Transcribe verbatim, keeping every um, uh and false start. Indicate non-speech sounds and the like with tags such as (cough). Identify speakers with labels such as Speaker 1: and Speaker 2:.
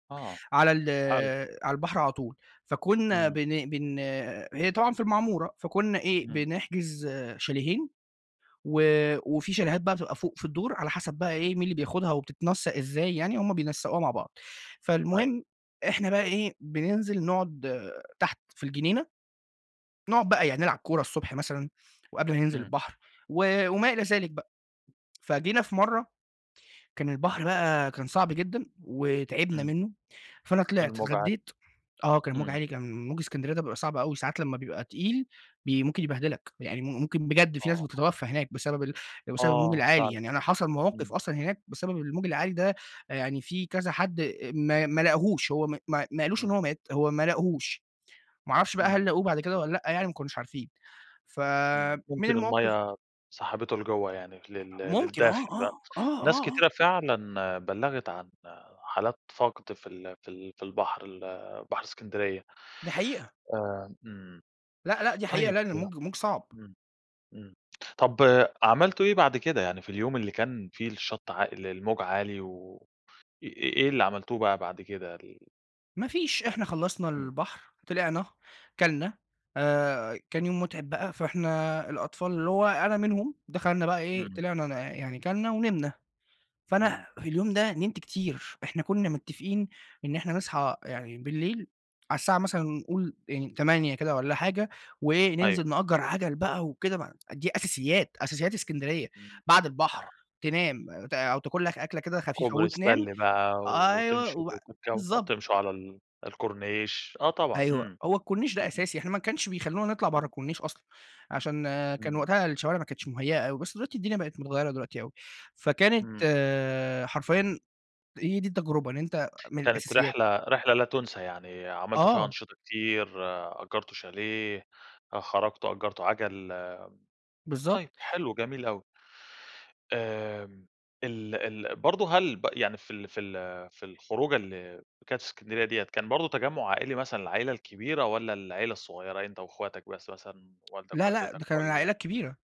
Speaker 1: آه،
Speaker 2: على ال
Speaker 1: حلو.
Speaker 2: على البحر على طول. فكنا
Speaker 1: إمم.
Speaker 2: بن بن هي طبعًا في المعمورة، فكنا إيه،
Speaker 1: إمم.
Speaker 2: بنحجز شاليهين، و وفي شاليهات بقى بتبقى فوق في الدور، على حسب بقى إيه، مين اللي بياخدها وبتتنسق إزاي يعني، هم بينسقوها مع بعض.
Speaker 1: أيوه.
Speaker 2: فالمهم إحنا بقى إيه، بننزل نقعد تحت في الجنينة، نقعد بقى يا نلعب كورة الصبح مثلًا وقبل ما ننزل
Speaker 1: إمم.
Speaker 2: البحر و وما إلى ذلك بقى. فجينا في مرة، كان البحر بقى كان صعب جدًا وتعبنا
Speaker 1: إمم.
Speaker 2: منه، فأنا طلعت
Speaker 1: الموج عالي.
Speaker 2: اتغديت، آه كان الموج
Speaker 1: إمم.
Speaker 2: عالي كان موج إسكندرية ده بيبقى صعب أوي ساعات لما بيبقى تقيل بي ممكن يبهدلك، يعني م ممكن بجد في ناس
Speaker 1: آه.
Speaker 2: بتتوفى هناك بسبب بسبب الموج
Speaker 1: آه،
Speaker 2: العالي.
Speaker 1: فعلًا.
Speaker 2: يعني أنا حصل مواقف
Speaker 1: امم.
Speaker 2: أصلًا هناك بسبب الموج العالي ده، يعني في كذا حد أ ما ما لاقهوش، هو ما ما قالوش إن
Speaker 1: إمم.
Speaker 2: هو مات، هو ما لاقهوش، ما أعرفش بقى هل
Speaker 1: إمم.
Speaker 2: لاقوه بعد كده والّا لأ، يعني ما كانوش عارفين. ف
Speaker 1: إمم،
Speaker 2: من
Speaker 1: ممكن
Speaker 2: المواقف
Speaker 1: المَيَّة سحبته لجوّه يعني لل
Speaker 2: ممكن آه،
Speaker 1: للداخل (unintelligible)
Speaker 2: آه، آه،
Speaker 1: ناس
Speaker 2: آه، آه.
Speaker 1: كتيرة فعلًا بلغت عن حالات فقد في ال في ال في البحر ال بحر إسكندرية.
Speaker 2: دي حقيقة.
Speaker 1: آآ، إمم،
Speaker 2: لأ، لأ، دي حقيقة
Speaker 1: طيب
Speaker 2: لأ ال الموج، الموج صعب.
Speaker 1: إمم، إمم، طب عملتوا إيه بعد كده؟ يعني في اليوم اللي كان فيه الشط عا الموج عالي، و إ إ إيه اللي عملتوه بقى بعد كده؟ ال
Speaker 2: ما فيش إحنا
Speaker 1: يعني
Speaker 2: خلصنا
Speaker 1: إمم.
Speaker 2: البحر، طلعنا، اكلنا، آآ، كان يوم متعب بقى، فإحنا الأطفال- اللي هو أنا منهم دخلنا بقى إيه،
Speaker 1: إمم.
Speaker 2: طلعنا ن يعني اكلنا ونمنا. فأنا
Speaker 1: إمم.
Speaker 2: في اليوم ده نمت كتير، إحنا كنا متفقين إن إحنا نصحى يعني بالليل، على الساعة مثلًا نقول يعني تمانية كده والَّا حاجة وإيه،
Speaker 1: أيوه.
Speaker 2: ننزل نأجر عجل بقى وكده دي أساسيات، أساسيات إسكندرية،
Speaker 1: امم.
Speaker 2: بعد البحر
Speaker 1: آه.
Speaker 2: تنام ت أو تاكل لك أكلة كده خفيفة
Speaker 1: كوبري
Speaker 2: وتنام،
Speaker 1: استانلي بقى
Speaker 2: أيوه،
Speaker 1: وتمشوا
Speaker 2: وبع
Speaker 1: تتك
Speaker 2: بالضبط.
Speaker 1: تمشوا على ال الكورنيش. آه طبعًا،
Speaker 2: أيوه،
Speaker 1: إمم.
Speaker 2: هو الكورنيش ده
Speaker 1: (unintelligible)
Speaker 2: أساسي، إحنا ما كانش بيخلونا نطلع برّه الكورنيش أصلًا، عشان كان
Speaker 1: إمم.
Speaker 2: وقتها الشوارع ما كانتش مهيأة أوي، بس دلوقتي الدنيا بقت متغيرة دلوقتي أوي. فكانت
Speaker 1: إمم.
Speaker 2: حرفيًا هي دي التجربة إن أنتَ من
Speaker 1: كانت
Speaker 2: الأساسيات
Speaker 1: رحلة رحلة لا تنسى يعني، عملتوا فيها
Speaker 2: آه.
Speaker 1: أنشطة كتير، أجرتوا شاليه، آآ، خرجتوا أجرتوا عجل. طيب
Speaker 2: بالضبط.
Speaker 1: حلو، جميل أوي. آمم، ال ال برضه هل ب يعني في ال في ال في الخروجة ال كانت في إسكندرية ديَّة، كان برضه تجمع عائلي مثلًا العائلة الكبيرة والَّا العيلة الصغيرة؟ أنت وأخواتك بس، مثلًا والدك،
Speaker 2: لا، لأ،
Speaker 1: والدتك
Speaker 2: ده كان
Speaker 1: والَّا
Speaker 2: العائلة كبيرة.